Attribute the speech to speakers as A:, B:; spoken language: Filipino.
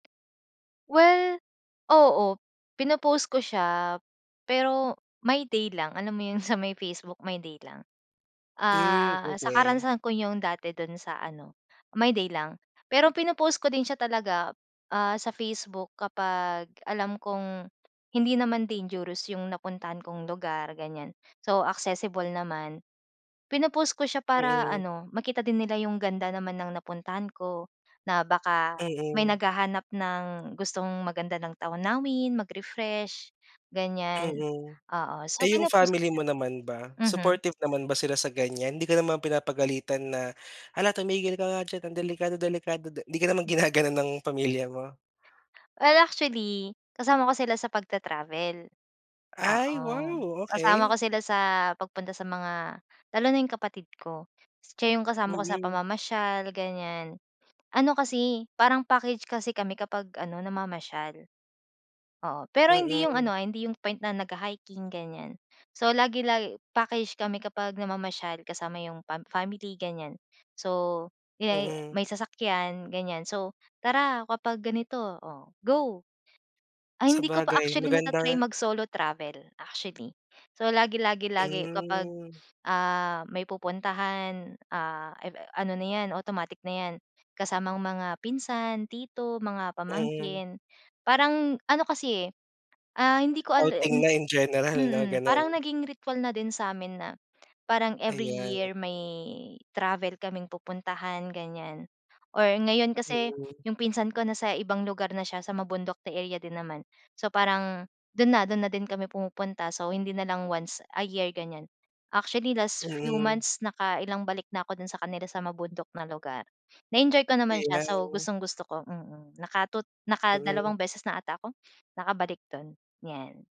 A: Well, oo. Pino-post ko siya, pero My Day lang. Alam mo yung sa may Facebook, My Day lang.
B: Hmm
A: Ah, sa
B: okey.
A: karanasan ko yung dati dun sa ano, My Day lang. Pero pino-post ko din siya talaga, ah, sa Facebook kapag alam kong hindi naman dangerous yung napuntahan kong lugar, ganyan. So accessible naman. Pino-post ko siya para
B: Mm.
A: ano, makita din nila yung ganda naman ng napuntahan ko, na baka may
B: Mm.
A: naghahanap ng gustong maganda ng tanawin, mag-refresh, ganyan.
B: Mm.
A: Oo. So,
B: Eh, yung
A: pino-post ko
B: family
A: siya.
B: mo naman ba,
A: Mhm.
B: supportive naman ba sila sa ganyan? Hindi ka naman pinapagalitan na, "Hala tumigil ka nga diyan ang delikado delikado." Di ka naman ginaganon ng pamilya mo?
A: Well, actually, kasama ko sila sa pagta-travel.
B: Ay!
A: Oo.
B: Wow!
A: Kasama ko
B: Okey.
A: sila sa pagpunta sa mga lalo na yung kapatid ko. Siya yung kasama ko sa
B: Mm.
A: pamamasyal, ganyan. Ano kasi, parang package kasi kami kapag ano, namamasyal. Oo. Pero hindi yung
B: Mm.
A: ano, ah, hindi yung point na nagha-hiking ganyan. So lagi-lagi package kami kapag namamasyal kasama yung pam family, ganyan. So, may
B: Mm.
A: may sasakyan, ganyan. So, tara kapag ganito! Oh, go. Ay, hindi ko pa
B: Sabagay,
A: actually
B: maganda
A: nata-try
B: nga.
A: mag-solo travel, actually. So, lagi lagi lagi kapag,
B: Hmm.
A: ah, may pupuntahan, ah, ano na yan, automatic na yan, kasamang mga pinsan, tito, mga
B: Mm.
A: pamangkin. Parang ano kasi eh, ah, hindi ko ale
B: Outing na in general 'no,
A: mm. Parang
B: ganun.
A: naging ritual na din sa amin na parang every
B: Ayan.
A: year, may travel kaming pupuntahan, ganyan. Or ngayon kasi
B: Mm.
A: yung pinsan ko nasa ibang lugar na siya, sa mabundok na area din naman. So, parang dun na dun na din kami pumupunta. So, hindi nalang once a year, ganyan. Actually, last few
B: Mm.
A: months nakailang balik na ako dun sa kanila sa mabundok na lugar. Na-enjoy ko naman siya. So,
B: Ayan.
A: gustong-gusto ko, mm. Naka-two
B: Mhm.
A: nakadalawang beses na ata ako nakabalik do'n, yan.